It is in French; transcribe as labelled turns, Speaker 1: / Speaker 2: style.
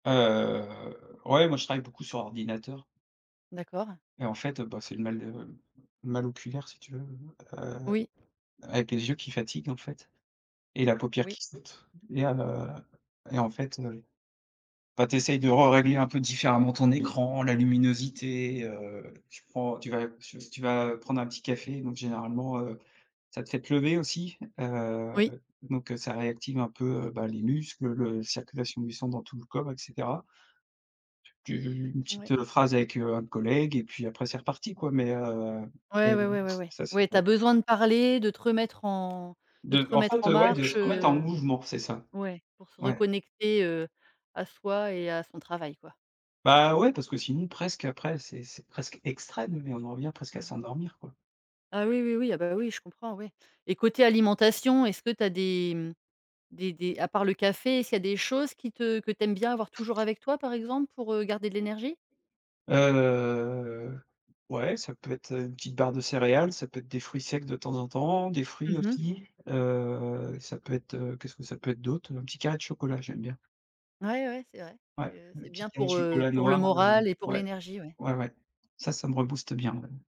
Speaker 1: Heu, ouais, moi, je travaille beaucoup sur ordinateur.
Speaker 2: D'accord.
Speaker 1: Et en fait, heu, bah, c'est le mal de le mal oculaire, si tu veux, heu,
Speaker 2: Oui.
Speaker 1: avec les yeux qui fatiguent en fait et la paupière
Speaker 2: Oui.
Speaker 1: qui saute et heu et en fait, le bah, tu essayes de rerégler un peu différemment ton écran, la luminosité, heu, tu prends, tu vas tu v tu vas prendre un petit café, donc généralement, heu, ça te fait te lever aussi. Heu,
Speaker 2: Oui.
Speaker 1: donc ça réactive un peu, bah, les muscles, le circulation du sang dans tout le corps et cetera. Tu v une
Speaker 2: Ouais.
Speaker 1: petite phrase avec, heu, un collègue et puis après c'est reparti quoi, mais heu,
Speaker 2: Ouais, ouais,
Speaker 1: game
Speaker 2: ouais, ouais, ouais.
Speaker 1: ça, c'est
Speaker 2: Ouais tu as
Speaker 1: vrai.
Speaker 2: besoin de parler, de te remettre en de te
Speaker 1: De en
Speaker 2: remettre
Speaker 1: fait,
Speaker 2: en
Speaker 1: ouais, de
Speaker 2: marche,
Speaker 1: se remettre en
Speaker 2: heu,
Speaker 1: mouvement, c'est ça.
Speaker 2: ouais, pour se
Speaker 1: Ouais.
Speaker 2: reconnecter, heu, à soi et à son travail quoi.
Speaker 1: Bah, ouais, parce que sinon, presque après, c'est c'est presque extrême, mais on en revient presque à
Speaker 2: Mmh mh.
Speaker 1: s'endormir, quoi.
Speaker 2: Ah oui, oui, oui. Ah, bah, oui je comprends ouais et côté alimentation, est-ce que tu as des des des à part le café, est-ce qu'il y a des choses qui te que tu aimes bien avoir toujours avec toi par exemple pour, heu, garder de l'énergie?
Speaker 1: Heu, ouais, ça peut être une petite barre de céréales, ça peut être des fruits secs de temps en temps, des fruits
Speaker 2: Mmh mh.
Speaker 1: aussi, heu et ça peut être qu'est-ce que ça peut être d'autre? Un petit carré de chocolat, j'aime bien.
Speaker 2: Ouais, ouais, c'est vrai.
Speaker 1: Ouais,
Speaker 2: Je
Speaker 1: le
Speaker 2: c'est
Speaker 1: petit
Speaker 2: bien
Speaker 1: carré de
Speaker 2: pour, heu,
Speaker 1: chocolat
Speaker 2: pour le
Speaker 1: noir, heu,
Speaker 2: moral et pour
Speaker 1: ouais.
Speaker 2: l'énergie, ouais.
Speaker 1: Ouais, ouais, ça, ça me rebooste bien même.